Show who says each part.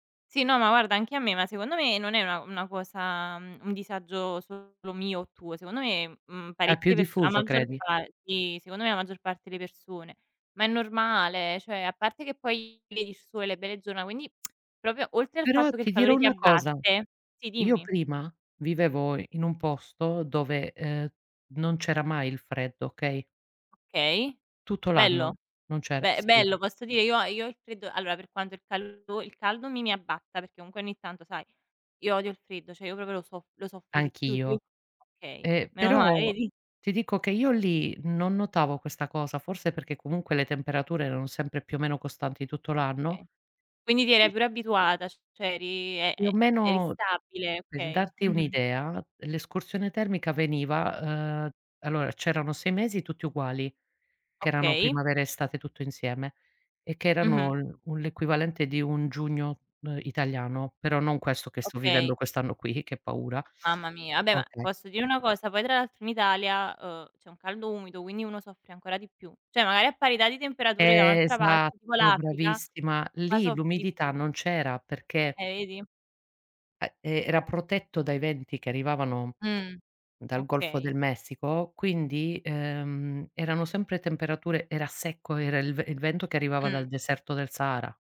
Speaker 1: Sì, no, ma guarda anche a me, ma secondo me non è una una cosa mhmm, un disagio solo mio o tuo. Secondo me, mhmm,
Speaker 2: È più
Speaker 1: parecchie perso la
Speaker 2: diffuso,
Speaker 1: maggior
Speaker 2: credi.
Speaker 1: par sì, secondo me la maggior parte delle persone. Ma è normale, cioè a parte che poi vedi il sole, le belle giornà, quindi proprio oltre al
Speaker 2: Però
Speaker 1: fatto che il
Speaker 2: ti dirò
Speaker 1: calore ti
Speaker 2: una cosa:
Speaker 1: abbatte sì,
Speaker 2: io
Speaker 1: dimmi.
Speaker 2: prima vivevo in in un posto dove, uhm, non c'era mai il freddo, okay?
Speaker 1: Okay.
Speaker 2: Tutto l'anno,
Speaker 1: Bello.
Speaker 2: non c'era,
Speaker 1: Beh, è
Speaker 2: sì.
Speaker 1: bello posso dire, io io il freddo allora per quanto il caldo il caldo mi mi abbatta, perché comunque ogni tanto, sai, io odio il freddo, cioè io proprio lo soff lo soffro di più il
Speaker 2: Anch'io.
Speaker 1: f okay,
Speaker 2: Ehm,
Speaker 1: meno male,
Speaker 2: però
Speaker 1: vedi?
Speaker 2: ti dico che io lì, non notavo questa cosa, forse perché comunque le temperature erano sempre più o meno costanti tutto l'anno?
Speaker 1: Okay. Quindi ti eri
Speaker 2: Sì.
Speaker 1: pure abituata, ci cioè eri e
Speaker 2: Più
Speaker 1: ehm,
Speaker 2: o
Speaker 1: eri
Speaker 2: meno
Speaker 1: stabile?
Speaker 2: per
Speaker 1: Okay.
Speaker 2: darti
Speaker 1: Mh-mh.
Speaker 2: un'idea, l'escursione termica veniva uhm, allora c'erano 6 mesi tutti uguali, che erano
Speaker 1: Okay.
Speaker 2: primavera, estate tutto insieme, e che
Speaker 1: Mh-mh.
Speaker 2: erano un l'equivalente di un giugno, uhm, italiano; però non questo che sto vivendo
Speaker 1: Okay.
Speaker 2: quest'anno qui, che paura
Speaker 1: Mamma mia. Beh ma,
Speaker 2: okay.
Speaker 1: posso dire una cosa poi tra l'altro in Italia, uhm, c'è un caldo umido, quindi uno soffre ancora di più; cioè magari a parità di temperature da un'altra parte tipo
Speaker 2: Esatto,
Speaker 1: l'Africa,
Speaker 2: bravissima.
Speaker 1: qua
Speaker 2: Lì
Speaker 1: soffri di
Speaker 2: l'umidità
Speaker 1: più.
Speaker 2: non c'era, perché
Speaker 1: Eh, vedi?
Speaker 2: e e era protetto dai venti che arrivavano
Speaker 1: Mh.
Speaker 2: dal Golfo
Speaker 1: Okay.
Speaker 2: del Messico, quindi, ehm, erano sempre temperature era secco, era il v il vento che arrivava
Speaker 1: Mh.
Speaker 2: dal deserto del Sahara.